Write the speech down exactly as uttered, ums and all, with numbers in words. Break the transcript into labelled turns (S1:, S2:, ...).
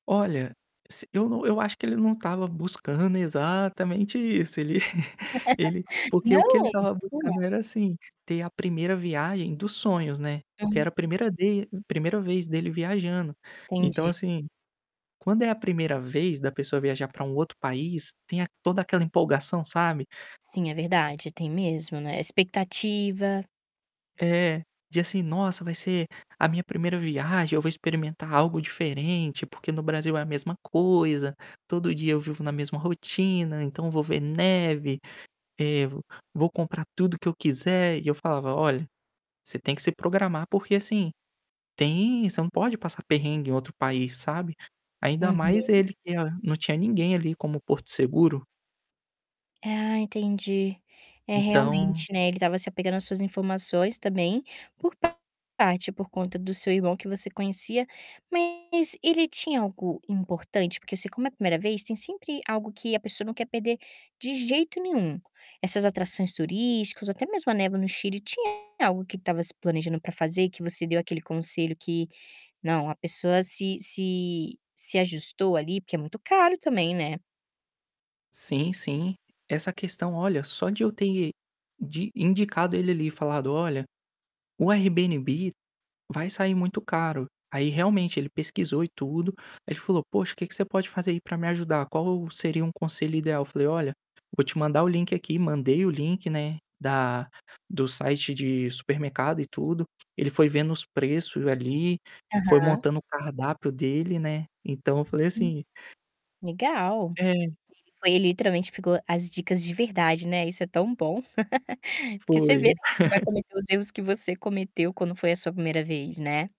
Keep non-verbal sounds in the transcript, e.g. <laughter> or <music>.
S1: Olha, s eu não eu acho que ele não estava buscando exatamente isso, ele <chuckles> ele
S2: <laughs>
S1: porque o que
S2: Não?
S1: ele estava buscando
S2: Hã.
S1: era, assim, ter a primeira viagem dos sonhos, né. Porque era
S2: Hum.
S1: a primeira de primeira vez dele viajando. Então,
S2: Entendi.
S1: assim, quando é a primeira vez da pessoa viajar para um outro país tem a toda aquela empolgação, sabe?
S2: Sim é verdade, tem mesmo, né, expectativa.
S1: É. De, assim: "Nossa, vai ser a minha primeira viagem; eu vou experimentar algo diferente. Porque no Brasil é a mesma coisa, todo dia eu vivo na mesma rotina. Então eu vou ver neve, eh, vo vou comprar tudo que eu quiser". E eu falava: "Olha, você tem que se programar, porque, assim, tem você não pode passar perrengue em outro país, sabe?". Ainda mais
S2: Uhum.
S1: ele, que a não tinha ninguém ali como porto seguro.
S2: Ah, entendi. É,
S1: Então
S2: realmente, né, ele estava se apegando às suas informações também, por parte por conta do seu irmão, que você conhecia. Mas ele tinha algo importante? Porque, assim como é a primeira vez, tem sempre algo que a pessoa não quer perder de jeito nenhum. Essas atrações turísticas ou até mesmo a neve no Chile. Tinha algo que estava se planejando para fazer e que você deu aquele conselho que, não, a pessoa se se se ajustou ali, porque é muito caro, também, né?
S1: Sim, sim. Essa questão, olha, só de eu ter de indicado ele ali e falado: "Olha, o Airbnb vai sair muito caro". Aí, realmente, ele pesquisou e tudo, aí ele falou: "Poxa, o que você pode fazer aí para me ajudar? Qual seria um conselho ideal?". Eu falei: "Olha, vou te mandar o link aqui". Mandei o link, né, da do site de supermercado e tudo. Ele foi vendo os preços ali, foi
S2: Aham.
S1: montando o cardápio dele, né? Então, eu falei
S2: Hum.
S1: assim
S2: Legal.
S1: É.
S2: Ele foi e literalmente pegou as dicas de verdade, né, isso é tão bom. <laughs> Porque você vê, né,
S1: Foi.
S2: que ele não vai
S1: <chuckles>
S2: cometer os erros que você cometeu quando foi a sua primeira vez, né.